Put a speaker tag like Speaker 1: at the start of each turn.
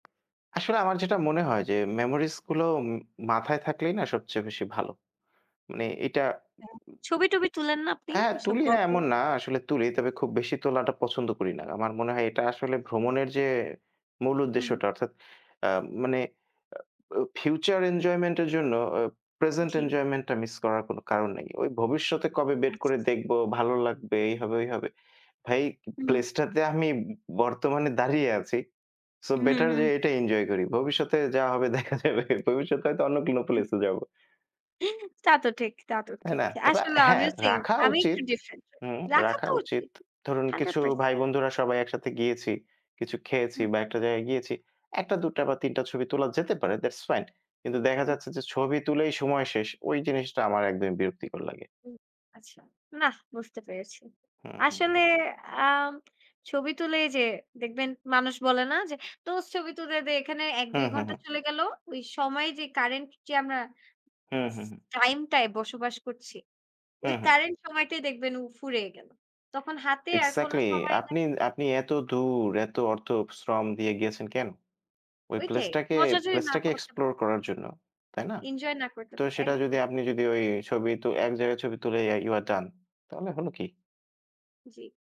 Speaker 1: আসলে আমার যেটা মনে হয় যে memories গুলো উ মাথায় থাকলেই না সবচেয়ে বেশি ভালো। মানে এইটা
Speaker 2: আ ছবি-টবি তুলেন না আপনি?
Speaker 1: হ্যাঁ
Speaker 2: ওইসব
Speaker 1: তুলি না
Speaker 2: গল্প
Speaker 1: এমন না। আসলে তুলি, তবে খুব বেশি তোলাটা পছন্দ করি না। আমার মনে হয় এটা
Speaker 2: আচ্ছা,
Speaker 1: আসলে
Speaker 2: আচ্ছা।
Speaker 1: ভ্রমণের যে মূল
Speaker 2: হুম।
Speaker 1: উদ্দেশ্যটা, অর্থাৎ আ মানে আ ব ফিউচার এনজয়মেন্ট এর জন্য আ present
Speaker 2: জ্বী।
Speaker 1: এনজয়মেন্টটা মিস করার কোনো কারণ নাই। ঐ ভবিষ্যতে কবে বের
Speaker 2: আচ্ছা,
Speaker 1: করে
Speaker 2: আচ্ছা।
Speaker 1: দেখব, ভালো লাগবে এই হবে ঐ হবে। ভাই
Speaker 2: হুম।
Speaker 1: place টাতে আমি বর্তমানে দাঁড়িয়ে আছি। সো
Speaker 2: হু,
Speaker 1: বেটার যে
Speaker 2: হু।
Speaker 1: এটা এনজয় করি। ভবিষ্যতে যা হবে দেখা যাবে। ভবিষ্যতে হয়তো অন্য কোনো প্লেস
Speaker 2: হু।
Speaker 1: এ যাবো।
Speaker 2: তা তো ঠিক, তা তো
Speaker 1: তাই
Speaker 2: ঠিক।
Speaker 1: না? তবে
Speaker 2: আসলে
Speaker 1: হ্যাঁ
Speaker 2: আমিও সেম
Speaker 1: রাখা
Speaker 2: আমি একটু
Speaker 1: উচিত
Speaker 2: ডিফারেন্ট।
Speaker 1: হুম
Speaker 2: রাখা
Speaker 1: রাখা
Speaker 2: তো
Speaker 1: উচিত।
Speaker 2: উচিত
Speaker 1: ধরুন
Speaker 2: hundred
Speaker 1: কিছু ভাই
Speaker 2: percent।
Speaker 1: বন্ধুরা সবাই একসাথে গিয়েছি, কিছু খেয়েছি
Speaker 2: হু।
Speaker 1: বা একটা জায়গায় গিয়েছি। ১ টা ২ টা বা ৩ টা ছবি তোলা যেতে পারে that's fine কিন্তু দেখা
Speaker 2: হু।
Speaker 1: যাচ্ছে যে ছবি তুলেই সময় শেষ। ঐ জিনিসটা আমার একদমই বিরক্তিকর লাগে।
Speaker 2: হু। আচ্ছা, নাহ বুঝতে পেরেছি।
Speaker 1: হু, হু।
Speaker 2: আসলে আ ছবি তুলে এইযে দেখবেন মানুষ বলে না যে, "দোস্ত ছবি তুলে দে।" এখানে ১
Speaker 1: হু,
Speaker 2: ২
Speaker 1: হু,
Speaker 2: ঘন্টা
Speaker 1: হু।
Speaker 2: চলে গেল। ওই সময় যে কারেন্ট যে আমরা
Speaker 1: হু,
Speaker 2: স
Speaker 1: হু, হু।
Speaker 2: টাইমটায় বসবাস করছি।
Speaker 1: হু,
Speaker 2: ওই
Speaker 1: হু।
Speaker 2: কারেন্ট সময়টাই দেখবেন ফুড়িয়ে গেল। তখন হাতে আর কোনো
Speaker 1: এক্সাক্টলি
Speaker 2: সময়
Speaker 1: আপনি
Speaker 2: নাই।
Speaker 1: আপনি এত দূর এত অর্থ শ্রম দিয়ে গেছেন কেনো? ওই
Speaker 2: ঐটাই
Speaker 1: প্লেসটাকে
Speaker 2: মজা যদি
Speaker 1: প্লেস
Speaker 2: না
Speaker 1: টাকে
Speaker 2: করতে পারি
Speaker 1: explore করার জন্য। তাই না?
Speaker 2: এনজয় না করতে
Speaker 1: তো সেটা যদি
Speaker 2: একদমই।
Speaker 1: আপনি যদি ওই ছবি তো এক জায়গায় ছবি তুলে you are done তাহলে হলো কি?
Speaker 2: জ্বী।